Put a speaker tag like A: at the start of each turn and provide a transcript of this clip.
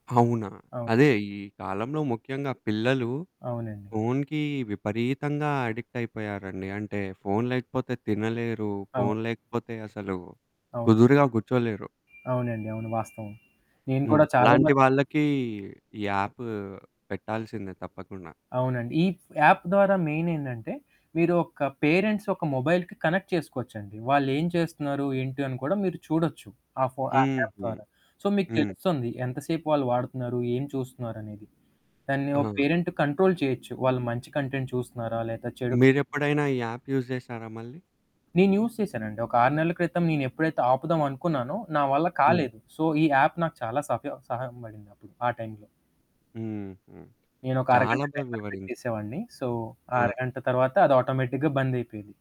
A: అవునా.
B: అవును.
A: అదే ఈ కాలంలో ముఖ్యంగా పిల్లలు
B: అవునండి.
A: ఫోనుకి విపరీతంగా అడిక్ట్ అయిపోయారండి. అంటే ఫోను లేకపోతే తినలేరు.
B: అవును.
A: ఫోను లేకపోతే అసలు
B: అవును.
A: కుదురుగా కూర్చోలేరు.
B: అవునండి. అవును వాస్తవం. నేను
A: హ్మ్.
B: కూడా చాలా
A: అలాంటి
B: మ
A: వాళ్ళకి ఈ యాప్ పెట్టాల్సిందే తప్పకుండా.
B: అవునండి. ఈ యాప్ ద్వారా మెయిన్ ఏంటంటే మీరు ఒక పేరెంట్స్ ఒక మొబైల్‌కి కనెక్ట్ చేసుకోవచ్చండి. వాళ్ళు ఏం చేస్తున్నారు ఏంటి అని కూడా మీరు చూడొచ్చు. ఆ ఫో ఆ
A: హుహు.
B: యాప్ ద్వారా. సో, మీకు
A: హ్మ్.
B: తెలుస్తుంది. ఎంతసేపు వాళ్ళు వాడుతున్నారు? ఏం చూస్తున్నారనేది? దాన్ని ఒ
A: ఆ!
B: పేరెంట్ కంట్రోల్ చేయొచ్చు. వాళ్ళు మంచి కంటెంట్ చూస్తున్నారా లేదా చెడు
A: మీరెప్పుడైనా ఈ యాప్ యూజ్ చేశారా మళ్ళీ?
B: నేను యూజ్ చేశానండి. ఒక 6 నెలల క్రితం నేను ఎప్పుడైతే ఆపుదాామో అనుకున్నానో. నా వల్ల
A: హ్మ్.
B: కాలేదు. సో, ఈ యాప్ నాకు చాలా సఫ సహాయంపడింది అప్పుడు ఆ టైంలో.
A: హుహు.
B: నేనొక
A: చాలా
B: అరగంట
A: బా
B: టైమర్
A: వివరించ్
B: పెట్టేసేవాడిని. సో, ఆ
A: ఆ!
B: అరగంట తర్వాత అది ఆటోమేటిక్‌గా బంద్ అయిపోయేది.